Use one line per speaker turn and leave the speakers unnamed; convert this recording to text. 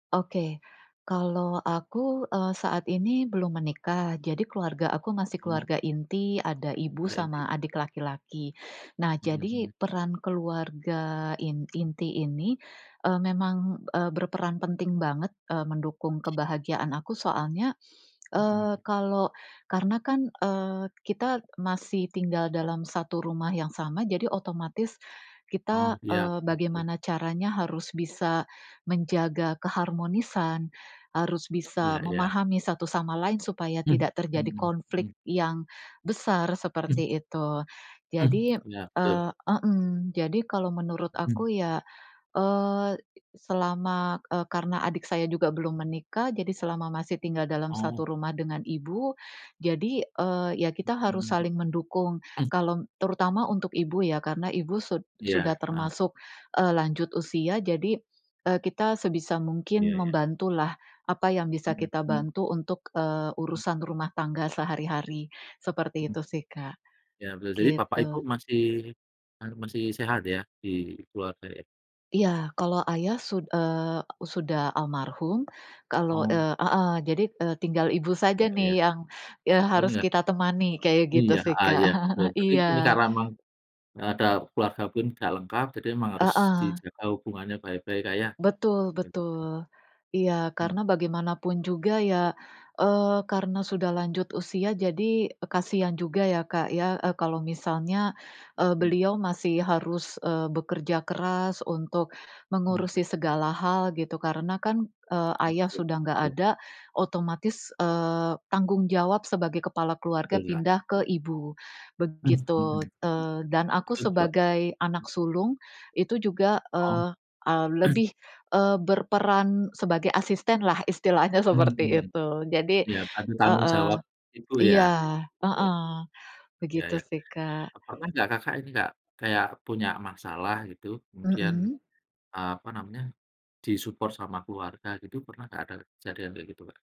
Oke, kalau aku, eee, saat ini belum menikah, jadi keluarga aku masih
Hmm.
keluarga inti, ada ibu
Udah inti.
sama adik laki-laki. Nah,
Mhm
jadi
mhm.
peran keluarga in inti ini, eee, memang, eee, berperan penting banget, eee, mendukung kebahagiaan aku soalnya, eee,
Mhm.
kalau karena kan, eee, kita masih tinggal dalam satu rumah yang sama jadi otomatis kita,
Oh, iya.
eee,
Betul.
bagaimana caranya harus bisa menjaga keharmonisan, harus
Iya
bisa
iya.
memahami satu sama lain supaya tidak terjadi
Mhm, eh.
konflik yang besar,
Mhm.
seperti itu.
Mmm,
Jadi,
iya, betul.
eee hmm, jadi kalau menurut
Mhm.
aku ya, eee e selama, eee, karena adik saya juga belum menikah, jadi selama masih tinggal dalam
Oh.
satu rumah dengan ibu, jadi, eee, ya kita harus
Mhm.
saling mendukung.
Mmm.
Kalau terutama untuk ibu ya, karena ibu sud
Iya,
sudah
heeh.
termasuk, eee, lanjut usia. Jadi, eee, kita sebisa mungkin
Iya iya.
membantulah, apa yang bisa
Mhm
kita
mhm.
bantu untuk, eee,
Mmm.
urusan rumah tangga sehari-hari. Seperti
Mhm.
itu sih, Kak.
Iya betul. Jadi bapak ,ibu
Gitu.
masih, anu, masih sehat ya? Di keluarga ya?
Iya, kalau ayah sud eee, sudah almarhum, kalau
Oh.
eee heeh jadi, eee, tinggal ibu saja
Iya
nih,
iya, Kak.
yang, eee,
Oh
harus
tinggal
kita temani. Kayak gitu
Iya,
sih,
heeh
Kak.
ya, betul. Berarti,
Iya.
ini karena emang, eee, ada keluarga pun tidak lengkap, jadi emang harus
Heeh.
dijaga hubungannya baik-baik Kak, ya.
Betul
Begitu.
betul. Iya,
Mhm.
karena bagaimanapun juga ya, eee, karena sudah lanjut usia jadi kasihan juga ya, Kak, ya, eee, kalau misalnya, eee,
Mhm.
beliau masih harus, eee, bekerja keras, untuk
Mhm.
mengurusi segala hal, gitu. Karena kan, eee,
Mmm,
ayah
betul,
sudah enggak
betul.
ada, otomatis, eee, tanggung jawab sebagai kepala keluarga
Betul ya,
pindah
mmm.
ke ibu,
Mhm, heeh.
begitu. Eee, dan aku
Betul
sebagai
[unintelligible]
anak sulung, itu juga,
Oh.
eee, e lebih, eee, berperan sebagai asistenlah, istilahnya seperti
Mhm.
itu. Jadi
Iya, bantu tanggung
heeh
jawab Ibu, ya?
iya
Ya.
heeh,
Ya
begitu
ya.
sih, Kak.
Pernah enggak Kakak, ini Kak, kayak punya masalah gitu, kemudian,
Mhm.
eee, apa namanya, di-support sama keluarga, gitu? Pernah enggak, ada kejadian kayak gitu, Kak?